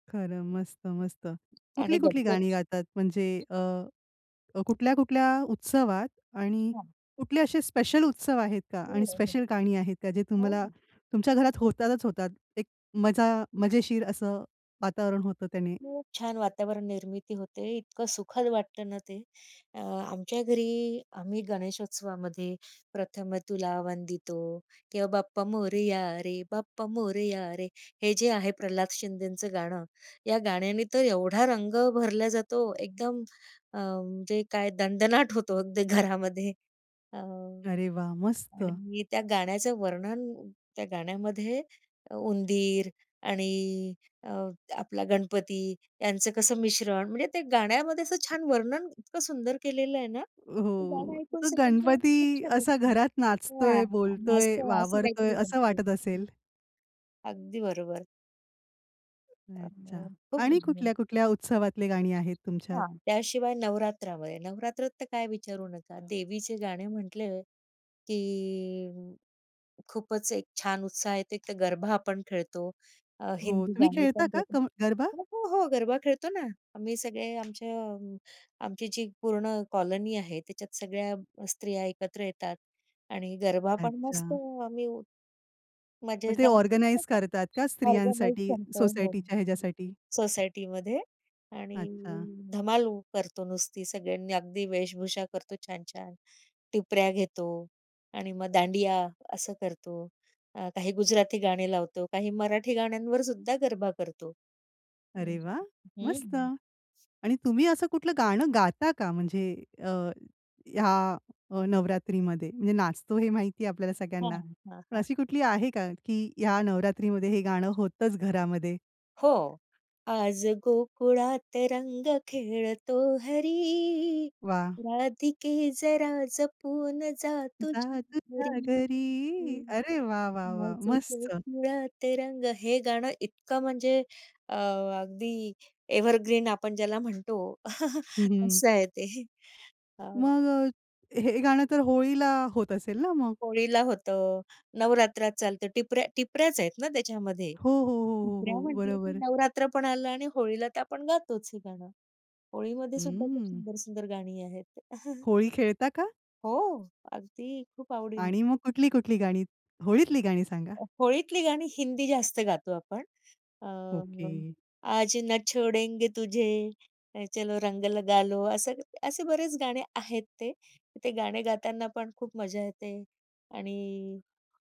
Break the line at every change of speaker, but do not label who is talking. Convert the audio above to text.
खरं. मस्त-मस्त.
आणि
कुठली-कुठली
गणपती.
गाणी गातात म्हणजे अ, कुठल्या-कुठल्या उत्सवात आणि
हां.
कुठले असे स्पेशल उत्सव आहेत का?
हो,
आणि
हो, हो.
स्पेशल गाणी आहेत का? जे
हो,
तुम्हाला
हो.
तुमच्या घरात होतातच होतात. एक मजा मजेशीर असं वातावरण होतं त्याने.
खूप छान वातावरणनिर्मिती होते. इतकं सुखद वाटतं ना ते. अ, आमच्या घरी आम्ही गणेशोत्सवामध्ये प्रथम तुला वंदितो किंवा बाप्पा मोरिया रे बाप्पा मोरिया रे. हे जे आहे प्रल्हाद शिंदेचं गाणं. या गाण्याने तर एवढा रंग भरला जातो. एकदम अ, म्हणजे काय दणदणाट होतो अगदी घरामध्ये. अ, आणि
अरे वाह! मस्त.
मी त्या गाण्याचं वर्णन त्या गाण्यामध्ये उंदीर आणि अ, आपला गणपती यांचं कसं मिश्रण म्हणजे ते गाण्यामध्ये असं छान वर्णन इतकं सुंदर केलेलं आहे ना, ते
हो,
गाणं ऐकून
तो
असं म्हणजे खूप
गणपती
छान
असा
वाटतं.
घरात
हां,
नाचतोय,
मस्त
बोलतोय,
असं
वावरतोय
काहीतरी
असं
वाटतं.
वाटत असेल?
अगदी बरोबर. अ,
अच्छा!
खूप
आणि
भारी.
कुठल्या-कुठल्या उत्सवातले गाणी आहेत तुमच्यात?
हां. त्याशिवाय नवरात्रामध्ये. नवरात्रात तर काय विचारू नका. देवीचे गाणे म्हटलं, की खूपच एक छान उत्साह येते. तर गरबा आपण खेळतो. अ,
हो,
हिंदी
तुम्ही
गाणी
खेळता
पण
का
त्याच्यात
क गरबा?
हो, हो, हो. गरबा खेळतो ना. आम्ही सगळे आमच्या आमची जी पूर्ण कॉलनी आहे त्याच्यात सगळ्या स्त्रिया एकत्र येतात आणि गरबा पण मस्त
अच्छा.
आम्ही
मग ते
मजेदार.
ऑर्गनाइज करतात का
ऑर्गनाइज
स्त्रियांसाठी,
करतो हो
सोसायटीच्या ह्याच्यासाठी?
सोसायटीमध्ये आणि
अच्छा.
धमाल करतो नुसती. सगळ्यांनी अगदी वेशभूषा करतो छान-छान. टिपऱ्या घेतो आणि मग दांडिया असं करतो. अ, काही गुजराती गाणे लावतो, काही मराठी गाण्यांवरसुद्धा गरबा करतो. हं,
अरे वा!
हं,
मस्त.
हं.
आणि तुम्ही असं कुठलं गाणं गाता का म्हणजे अ, या अ, नवरात्रीमध्ये? म्हणजे नाचतो हे माहिती आहे आपल्याला
हां,
सगळ्यांना.
हां,
पण
हां.
अशी कुठली आहे का की ह्या नवरात्रीमध्ये हे गाणं होतंच घरामध्ये?
हो. आज गोकुळात रंग खेळतो हरी,
वा!
राधिके जरा जपून जा तुझ्या
जा
घरी,
तुझ्या घरी. अरे वा, वा, वा!
आज
मस्त.
गोकुळात रंग. हे गाणं इतकं म्हणजे अ, अगदी एव्हरग्रीन आपण ज्याला म्हणतो
हं, हं.
असं आहे ते. हां.
मग अ, हे गाणं तर होळीला होत असेल ना मग?
होळीला होतं, नवरात्रात चालतं. टिपऱ्या टिपऱ्याच आहेत ना त्याच्यामध्ये.
हो, हो, हो,
टिपऱ्या
हो, हो.
म्हटलं की
बरोबर.
नवरात्र पण आलं आणि होळीला तर आपण गातोच हे गाणं. होळीमध्ये सुद्धा खूप
हं.
सुंदर-सुंदर गाणी आहेत.
होळी खेळता का?
हो. अगदी खूप आवडीने.
आणि मग कुठली-कुठली गाणी, होळीतली गाणी सांगा?
अ, होळीतली गाणी हिंदी जास्त गातो आपण. अ,
ओके.
आज ना छोडेंगे तुझे, चलो रंग लगालो. असं असे बरेच गाणे आहेत ते. ते गाणे गाताना पण खूप मजा येते आणि